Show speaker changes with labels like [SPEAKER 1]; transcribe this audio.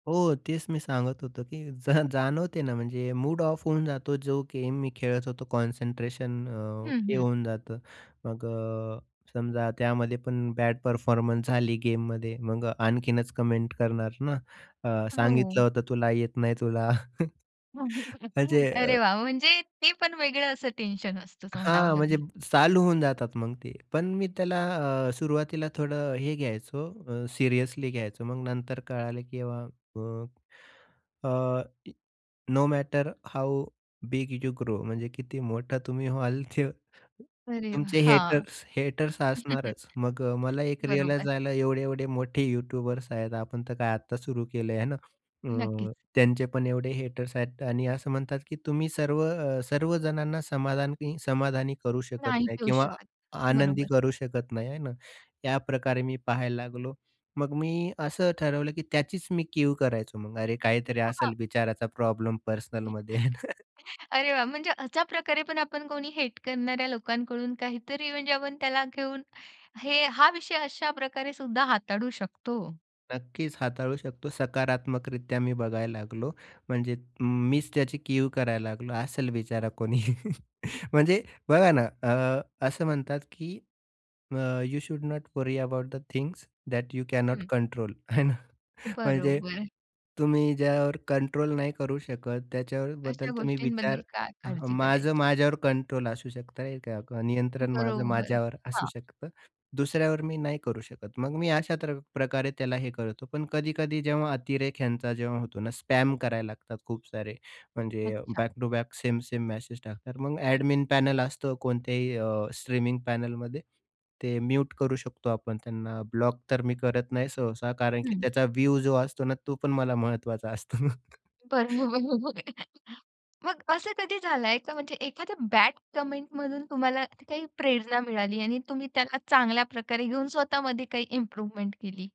[SPEAKER 1] हो तेच मी सांगत होतो की जा जाणवते ना. म्हणजे मूड ऑफ होऊन जातो. जो गेम मी खेळत होतो कॉन्सन्ट्रेशन अ,
[SPEAKER 2] हं,
[SPEAKER 1] हे
[SPEAKER 2] हं.
[SPEAKER 1] होऊन जातं मग अ, समजा त्यामध्ये पण बॅड परफॉर्मन्स झाली गेममध्ये मग आणखीनच कमेंट करणार ना. अ, सांगितलं
[SPEAKER 2] हो.
[SPEAKER 1] होतं तुला येत नाही तुला. म्हणजे अ
[SPEAKER 2] अरे वाह! म्हणजे ते पण वेगळं असं टेन्शन असतं म्हणावं
[SPEAKER 1] हां म्हणजे
[SPEAKER 2] लागेल.
[SPEAKER 1] चालू होऊन जातात मग ते. पण मी त्याला अ, सुरुवातीला थोडं हे घ्यायचो अ, सिरियसली घ्यायचो मग नंतर कळालं की अ, अ, no matter how big you grow म्हणजे किती मोठा तुम्ही व्हाल, ते
[SPEAKER 2] अरे हां.
[SPEAKER 1] तुमचे हेटर्स हेटर्स असणारच. मग अ, मला एक रिअलाईज
[SPEAKER 2] बरोबर.
[SPEAKER 1] झालं. एवढे-एवढे मोठे यूट्यूबर्स आहेत, आपण तर काय आता सुरू केलं आहे ना.
[SPEAKER 2] नक्कीच.
[SPEAKER 1] हं, त्यांचे पण एवढे हेटर्स आहेत आणि असं म्हणतात की तुम्ही सर्व अ, सर्वजणांना समाधान समाधानी करू शकत
[SPEAKER 2] नाही
[SPEAKER 1] नाही
[SPEAKER 2] पिऊ
[SPEAKER 1] किंवा
[SPEAKER 2] शकत,
[SPEAKER 1] आनंदी
[SPEAKER 2] बरोबर.
[SPEAKER 1] करू शकत नाही, आहे ना. याप्रकारे मी पाहायला लागलो. मग मी असं ठरवलं की त्याचीच मी कीव करायचो मग अरे काहीतरी
[SPEAKER 2] हं, हां.
[SPEAKER 1] असेल विचाराचा प्रॉब्लेम पर्सनलमध्ये आहे ना.
[SPEAKER 2] [unintelligible] अरे वाह! म्हणजे अशा प्रकारे पण आपण कोणी हेट करणाऱ्या लोकांकडून काहीतरी म्हणजे आपण त्याला घेऊन हे हा विषय अशा प्रकारे सुद्धा हाताळू शकतो.
[SPEAKER 1] नक्कीच हाताळू शकतो. सकारात्मक रित्या मी बघायला लागलो. म्हणजे मीच त्याची कीव करायला लागलो, असेल बिचारा कोणी. म्हणजे बघा ना अ, असं म्हणतात की, अ, you should not worry about the things that you cannot
[SPEAKER 2] हं.
[SPEAKER 1] कंट्रोल आहे ना. म्हणजे,
[SPEAKER 2] बरोबर.
[SPEAKER 1] तुम्ही ज्यावर कंट्रोल नाही करू शकत त्याच्याबद्दल
[SPEAKER 2] अशा
[SPEAKER 1] तुम्ही विचार
[SPEAKER 2] गोष्टींबद्दल काय काळजी
[SPEAKER 1] माझं
[SPEAKER 2] करायची.
[SPEAKER 1] माझ्यावर कंट्रोल असू शकतं. नियंत्रण माझं
[SPEAKER 2] बरोबर,
[SPEAKER 1] माझ्यावर असू
[SPEAKER 2] हां.
[SPEAKER 1] शकतं. दुसऱ्यावर मी नाही करू शकत. मग मी अशा त्र प्रकारे त्याला हे करतो पण कधी-कधी जेव्हा अतिरेक ह्यांचा जेव्हा होतो ना, स्पॅम करायला लागतात खूप सारे. म्हणजे
[SPEAKER 2] अच्छा.
[SPEAKER 1] Back to back same same message टाकतात. मग
[SPEAKER 2] हं.
[SPEAKER 1] एडमिन पॅनल असतो कोणत्याही अ, स्ट्रीमिंग पॅनेलमध्ये. ते म्यूट करू शकतो आपण त्यांना. ब्लॉक तर मी करत नाही सहसा कारण की
[SPEAKER 2] हं.
[SPEAKER 1] त्याचा व्ह्यू जो असतो ना तो पण मला महत्त्वाचा असतो ना.
[SPEAKER 2] बरोबर. मग असं कधी झालाय का म्हणजे एखाद्या बॅड कमेंटमधून तुम्हाला काही प्रेरणा मिळाली आणि तुम्ही त्याला चांगल्या प्रकारे घेऊन स्वतःमध्ये काही इम्प्रूव्हमेंट केली?